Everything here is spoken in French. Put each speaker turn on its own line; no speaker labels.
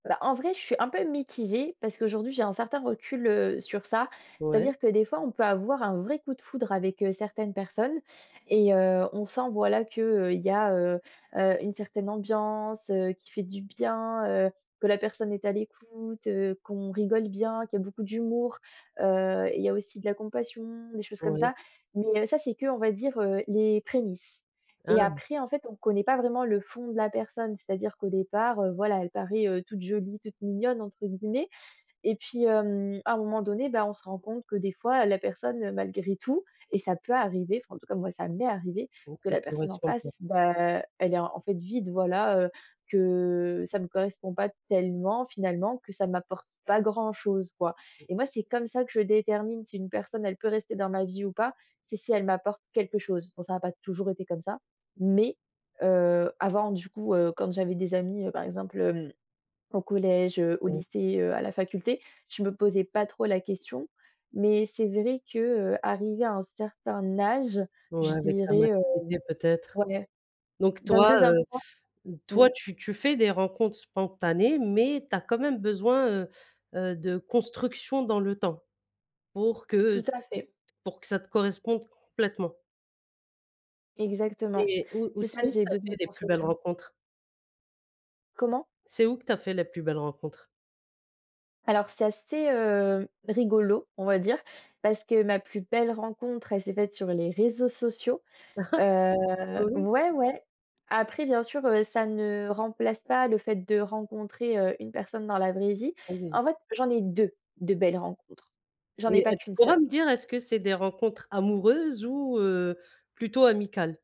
Ben, en vrai, je suis un peu mitigée parce qu'aujourd'hui, j'ai un certain recul, heu, sur ça,
Ouais.
c'est-à-dire que, des fois, on peut avoir un vrai coup de foudre avec, heu, certaines personnes et heu, on sent, voilà, qu'il y a, heu heu, une certaine ambiance, heu, qui fait du bien, heu, que la personne est à l'écoute, heu, qu'on rigole bien, qu'il y a beaucoup d'humour, heu et il y a aussi de la compassion, des choses comme
Ouais.
ça, mais heu, ça c'est que, on va dire, heu, les prémices et
Ah!
après, en fait, on connaît pas vraiment le fond de la personne, c'est-à-dire qu'au départ, heu, voilà, elle paraît, heu, «toute jolie, toute mignonne» entre guillemets, et puis, hem, à un moment donné, beh, on se rend compte que des fois la personne malgré tout et ça peut arriver enfin, en tout cas, moi, ça m'est arrivée,
Donc
que
te
la personne en
corresponde pas?
face, beh, elle est, en fait, vide, voilà, heu, que ça me correspond pas tellement, finalement, que ça m'apporte pas grand-chose, quoi
[unintelligible]
et moi, c'est comme ça que je détermine si une personne, elle peut rester dans ma vie ou pas, c'est si elle m'apporte quelque chose. Bon, ça n'a pas toujours été comme ça, mais heu, avant du coup, heu, quand j'avais des amis, heu, par exemple, hem, au collège, heu, au
[unintelligible]
lycée, heu, à la faculté, je me posais pas trop la question mais c'est vrai que, heu, arrivée à un certain âge,
Ouais,
je
avec la
dirais heu,
maturité, peut-être,
ouais,
donc, toi, heu,
22-23. Mmh
toi,
mh.
tu tu fais des rencontres spontanées mais tu as quand même besoin, heu heu, de construction dans le temps pour que
Tout
ç
à fait.
pour que ça te corresponde complètement?
Exactement,
Et où
c'est
aussi,
ça, j'ai
tu as
besoin
fait
de
les plus belles
construction.
rencontres?
Comment?
C'est où que tu as fait les plus belles rencontres?
Alors, c'est assez, heu, rigolo, on va dire, parce que ma plus belle rencontre, elle s'est faite sur les réseaux sociaux, heu
Bah, oui!
ouais, ouais, après, bien sûr, heu, ça ne remplace pas le fait de rencontrer, heu, une personne dans la vraie vie,
[unintelligible]
en fait, j'en ai 2, de belles rencontres, j'en ai
Et
pas
heu, tu
qu'une
pourras
seule.
me dire, est-ce que c'est des rencontres amoureuses ou heu, plutôt amicales?